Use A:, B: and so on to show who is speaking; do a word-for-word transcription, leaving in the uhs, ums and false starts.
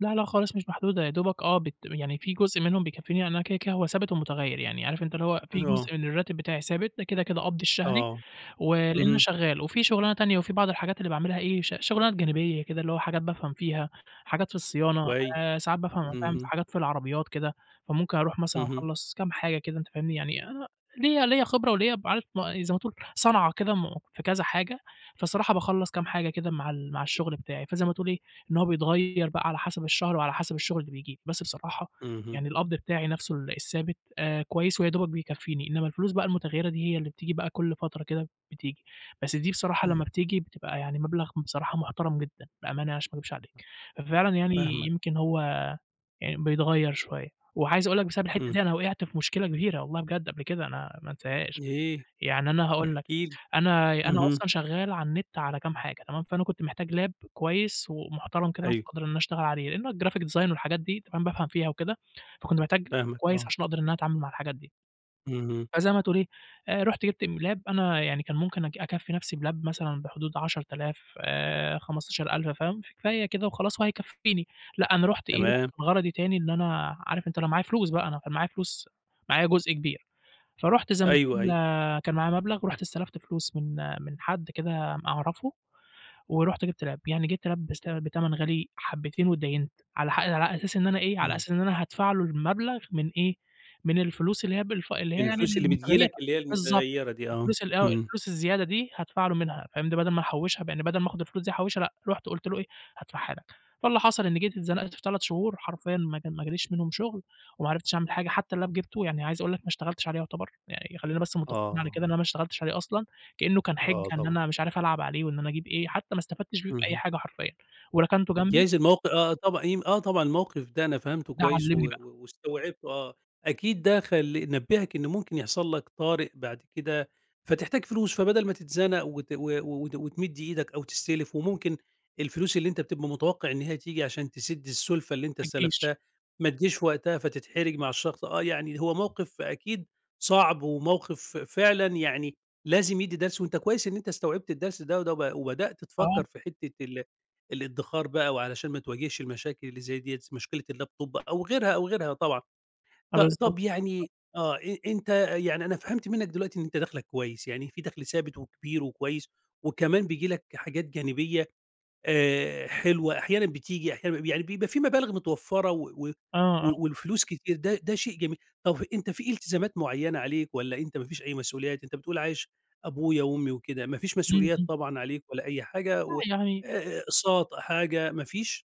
A: لأ لأ خالص مش محدودة يا دوبك آه بت م يعني في جزء منهم بيكفيني، يعني أنا كده كده هو ثابت ومتغيّر يعني، عارف أنت اللي هو في
B: آه.
A: جزء من الراتب بتاعي ثابت، ده كده كده قبضي الشهري،
B: آه،
A: ولإمّا
B: اهم.
A: شغال، وفي شُغلانة تانية وفي بعض الحاجات اللي باعملها إيه، ش شُغلانات جانبية كده، اللي هو حاجات بافهم فيها، حاجات في الصيانة،
B: كويس،
A: آآ، ساعات بافهم، فاهم، في
B: اهم.
A: حاجات في العربيات كده. فممكن اروح مثلًا
B: اهم.
A: اخلّص كام حاجة كده أنت فاهمني، يعني أ ليّا ليّا خبرة وليّا ب عارف زي ما تقول صنعة كده مو في كذا حاجة، فالصراحة باخلّص كام حاجة كده مع ال مع الشغل بتاعي. فزي ما تقول إيه، إن هو بيتغيّر بقى على حسب الشهر وعلى حسب الشغل اللي بييجي. بس بصراحة،
B: اهم.
A: يعني القبض بتاعي نفسه ال الثابت، آآ، كويس ويا دوبك بيكفيني، إنّما الفلوس بقى المتغيّرة دي هي اللي بتيجي بقى كل فترة كده بتيجي، بس دي بصراحة
B: إمم.
A: لما بتيجي بتبقى يعني مبلغ بصراحة محترم جدًا، بأمانة يعني عشان ما اكدبش عليك. ففعلًا يعني
B: فاهمك.
A: يمكن هو يعني بيتغيّر شوية. وعايز اقول لك بسبب الحتة
B: إمم.
A: دي أنا وقعت في مشكلة كبيرة- والله بجد- قبل كده، أنا ما انساهاش.
B: إيه؟
A: يعني أنا هاقول لك
B: احكِ لي،
A: أنا ي أنا
B: اهم.
A: أصلًا شغال على النت على كام حاجة تمام، فأنا كنت محتاج Lap كويس ومحترم كده عشان
B: أيوه.
A: أقدر إن أنا اشتغل عليه؛ لإنه الGraphic design والحاجات دي تمام، بافهم فيها وكده، فكنت محتاج
B: فاهمك
A: كويس
B: آه.
A: عشان اقدر إن أنا اتعامل مع الحاجات دي.
B: اهم.
A: فزي ما تقول إيه، آآ، رُحت جبت م Lap أنا يعني كان ممكن أك أكفّي نفسي بLap مثلًا بحدود عشرة آلاف آآ، خمستاشر ألف فاهم، فهي كده وخلاص وهيكفيني. لأ أنا رحُت إيه،
B: تمام.
A: غرضي تاني إن أنا عارف أنت اللي هو معايا فلوس بقى، أنا كان معايا فلوس معايا جزء كبير. فرُحت زي ما
B: أيوه
A: تقول،
B: أيوه.
A: آآ، كان معايا مبلغ ورُحت استلفت فلوس من من حد كده م أعرفه، ورُحت جبت Lap يعني جبت Lap بسع بتمن غالي حبتين وادّاينت، على حق أ على أساس إن أنا إيه، على
B: إمم.
A: أساس إن أنا هادفع له المبلغ من إيه، من الفلوس اللي هي بالف اللي هي
B: من
A: يعني
B: الفلوس اللي بتيجي
A: المتغيّرة،
B: لك اللي هي
A: بالضبط
B: المتغيّرة دي آه،
A: الفلوس ال آه،
B: إمم.
A: الفلوس الزيادة دي هادفع له منها فاهم، دي بدل ما نحوّشها ب يعني بدل ما آخد الفلوس دي أحوّشها لأ، رُحت قُلت له إيه، هادفعها لك. فاللي حصل إني جيت اتزنقت في تلات شهور حرفيًا ما كان ما جاليش منهم شغل، وما عرفتش أعمل حاجة، حتى الLap جبته يعني عايز أقول لك ما اشتغلتش عليه يعتبر، يعني خلّينا بس متفقين على كده
B: آه.
A: إن أنا ما اشتغلتش عليه أصلًا، كأنه كان حِجة
B: آه
A: إن
B: طبعًا.
A: أنا مش عارف ألعب عليه وإن أنا أجيب إيه، حتى ما استفدتش بيه بأي
B: اهم.
A: حاجة حرفيّا وركنته جنبي
B: جايز الموق آه طبعًا، يمك آه طبعًا الموقف ده أنا فهمته
A: ده
B: كويس، و
A: علّمني بقى.
B: و واستوعبته آه. أكيد ده خل نبهك إن ممكن يحصل لك طارئ بعد كده، فتحتاج فلوس، فبدل ما تتزنق وت و وت وتمد إيدك أو تستلف، وممكن الفلوس اللي أنت بتبقى متوقع إن هي تيجي عشان تسد السُلفة اللي أنت
A: ما تيجيش.
B: استلفتها، ما تيجيش وقتها فتتحرج مع الشخص. آه يعني هو موقف أكيد صعب وموقف ف فعلًا يعني لازم يدّي درس، وأنت كويس إن أنت استوعبت الدرس ده وده ب وبدأت تفكّر
A: آه.
B: في حتة ال الادّخار بقى وعلشان ما تواجهش المشاكل اللي زي دِيّة، مشكلة الLaptop أو غيرها أو غيرها طبعًا.
A: آه
B: ط
A: بالضبط،
B: طب
A: بالضبط.
B: يعني، آه، أ أنت يعني أنا فهمت منّك دلوقتي إن أنت دخلك كويس، يعني في دخل ثابت و كبير وكويس، وكمان بييجي لك حاجات جانبية، آآ، حلوة، أحيانًا بتيجي، أحيانًا ما ب يعني بيبقى في مبالغ متوفرة و و
A: آه، آه.
B: و والفلوس كتير، ده ده شيء جميل، طب ف أنت في التزامات معيّنة عليك والّا أنت ما فيش أي مسؤوليات؟ أنت بتقول عايش أبويا وأمي وكده ما فيش
A: إمم
B: مسئوليات
A: إمم.
B: طبعًا عليك والّا أي حاجة
A: لأ
B: و أ
A: يعني
B: أ أقساط حاجة ما فيش؟